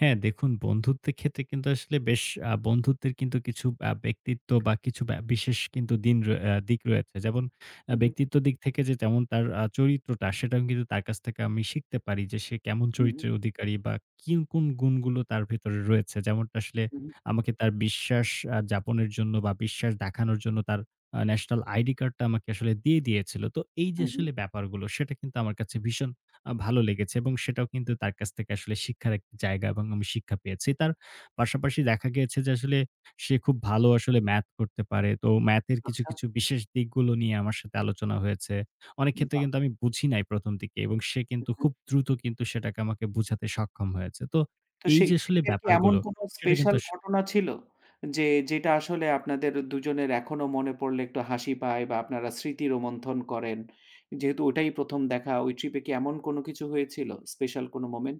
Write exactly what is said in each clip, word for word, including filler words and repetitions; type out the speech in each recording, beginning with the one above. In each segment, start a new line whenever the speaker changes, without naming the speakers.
হ্যাঁ দেখুন বন্ধুত্বের ক্ষেত্রে কিন্তু আসলে বেশ আ বন্ধুত্বের কিন্তু কিছু আ ব্যক্তিত্ব বা কিছু ব্যা বিশেষ দিন আ দিক রয়েছে। যেমন আ
উ, হু।
ব্যক্তিত্বের দিক থেকে যে যেমন তার আ চরিত্রটা সেটাও কিন্তু তার কাছ থেকে আমি শিখতে পারি যে সে কেমন
উ, হু।
চরিত্রের অধিকারী? বা কি কোন গুণগুলো তার ভেতরে রয়েছে। যেমনটা আসলে,
উ, হু।
আমাকে তার বিশ্বাস আ যাপনের জন্য বা বিশ্বাস দেখানোর জন্য তার আ ন্যাশনাল আইডি কার্ড টা আসলে দিয়ে দিয়েছিল। তো এই যে
হু, হু,
আসলে ব্যাপারগুলো সেটা কিন্তু আমার কাছে ভীষণ আ ভালো লেগেছে। এবং সেটাও কিন্তু তার কাছ থেকে শিক্ষার একটা জায়গা এবং শিক্ষা পেয়েছি। তার পাশাপাশি দেখা গেছে যে, আসলে সে খুব ভালো আসলে ম্যাথ করতে পারে। তো ম্যাথ এর কিছু,
আচ্ছা।
কিছু, বিশেষ দিকগুলো নিয়ে আমার সাথে আলোচনা হয়েছে। অনেক ক্ষেত্রে
বাহ্!
কিন্তু আমি বুঝি নাই প্রথম দিকে এবং সে
উ,
কিন্তু
হু।
খুব দ্রুত সেটাকে আমাকে বোঝাতে সক্ষম হয়েছে। তো
তো
এই
সেই
যে আসলে
ট্রিপ এর কি এমন
ব্যাপারগুলো
কোনো
সেটা কিন্তু
স্পেশাল
আস
ঘটনা ছিল? যে, যেটা আসলে আপনাদের দুজনের এখনো মনে পড়লে একটু হাসি পায়? বা আপনারা স্মৃতি রোমন্থন করেন? যেহেতু ওটাই প্রথম দেখা ওই ট্রিপ এ কি এমন কোন কিছু হয়েছিল? স্পেশাল কোনো মোমেন্টস?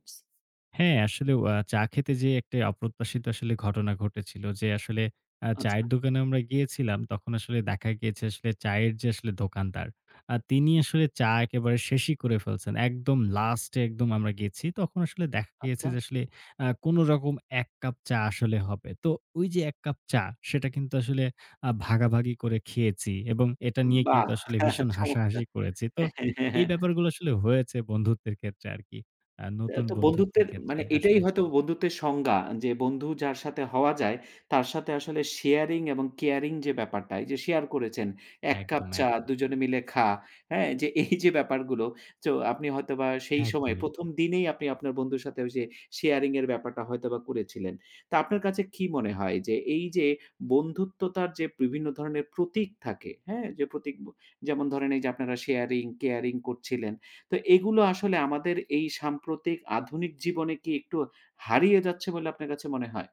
হ্যাঁ, আসলে ও আ চা খেতে যে একটা অপ্রত্যাশিত ঘটনা ঘটেছিল। যে আসলে আ
আচ্ছা।
চায়ের দোকানে আমরা গিয়েছিলাম, তখন আসলে দেখা গিয়েছে আসলে চায়ের যে আসলে দোকানদার। আ তিনি
হু।
আসলে চা একেবারে শেষই করে ফেলছেন। একদম লাস্টে একদম আমরা গেছি, তখন আসলে দেখা গিয়েছে
আচ্ছা।
আসলে আ কোনরকম এক কাপ চা আসলে হবে। তো ওই যে এক কাপ চা সেটা কিন্তু আসলে আ ভাগাভাগি করে খেয়েছি। এবং এটা নিয়ে কিন্তু
বাহ!
আসলে ভীষণ
চমৎকার।
হাসাহাসি করেছি। তো এ ব্যাপারগুলো আসলে হয়েছে বন্ধুত্বের ক্ষেত্রে আরকি। আ
এ্যা
নতুন
তো
বন্ধুত্বের
বন্ধুত্বের
ক্ষেত্রে
মানে এটাই
আসলে।
হয়তো বন্ধুত্বের সংজ্ঞা। যে বন্ধু যার সাথে হওয়া যায়, তার সাথে আসলে শেয়ারিং এবং কেয়ারিং যে ব্যাপারটাই যে শেয়ার করেছেন এক কাপ
একদম,
চা
একদম।
দুজনে মিলে খা। হ্যাঁ? এই যে ব্যাপারগুলো তো আপনি হয়তো বা সেই সময়
একদমই।
প্রথম দিনেই আপনি আপনার বন্ধুর সাথে যে শেয়ারিং ব্যাপারটা হয়তোবা করেছিলেন। তা আপনার কাছে কি মনে হয়? যে এই যে বন্ধুত্বতা যে বিভিন্ন ধরনের প্রতীক থাকে, হ্যাঁ? যে প্রতীক, যেমন ধরেন এই যে আপনারা শেয়ারিং কেয়ারিং করছিলেন তো এগুলো আসলে আমাদের এই সাম্প্রতিক আধুনিক জীবনে কি একটু হারিয়ে যাচ্ছে বলে আপনার কাছে মনে হয়?